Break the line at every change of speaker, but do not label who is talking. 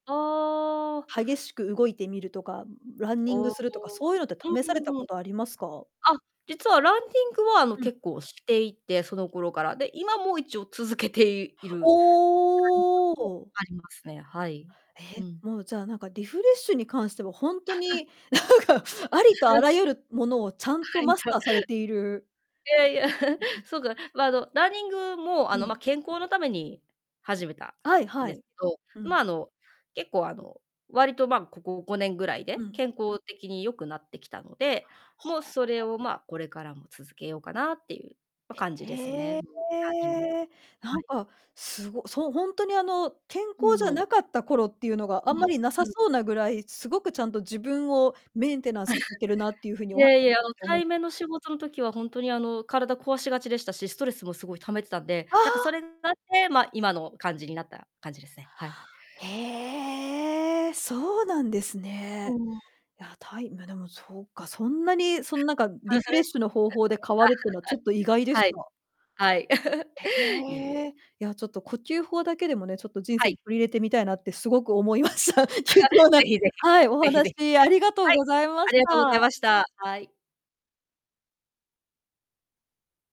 ああ。
激しく動いてみるとか、ランニング
おお。
するとか、そういうのって試された
う
こ
ん。
とありますか？
あ、実はランニングはあの
うん。
結構していて、その頃から、で、今も一応続けている。
お お！
ありますね、はい。
へ、
うん。
もうじゃあなんかリフレッシュに関してはほんと になんか、ありとあ らゆるものをちゃんと
はい
マス
とい
ターされている。
やいや、
うん、う。
すごく、ま、あのランニングも、あ
う
の、ま、
ん。
健康のために始めた
はい
ん
は
です
い。
けど、
う
ま、
ん。
あの結構、あの割と、ま、ここ5年ぐらい
う
で
ん。
健康的に良くなってきたので、もう
は
それ
あ。
を、ま、これからも続けようかなっていう。ま、感じです
へ
ね。
え。
うん、ランニング。
な
は
ん
い。
か、すごそう、本当にあの健
う
康じゃ
ん。
なかった頃っていうのがあ
う
んま
ん。
りなさ
うん。
そうなぐらい、すごくちゃんと自分をメンテナンスされてるなってい うふうにお
い
は
えいえ、あの
っておも
対面の仕事の時はほんとにあの体壊しがちでしたし、ストレスもすごい溜めてたんで、
あ
なんかそ
は。
れがあって、ま、今の感じになった感じですね。はい。
へえ、そうなんです
う
ね。
ん。
いや、たいま、でもそっか、そんなにそのなんか
あ、
リフレッシュの方法で変わるっていうのはちょっと意外でし
はい。
た。
はい。はい。いいえ。
へえ。いや、ちょっと呼吸法だけでもね、ちょっと人
は
生
い。
に取り入れてみたいなってすごく思いました。貴 重な、
是非是非、
はい、お
是非是非。
話ありがとう
はい。
ございま
あ
し
りがとうござい
た。
ました。はい。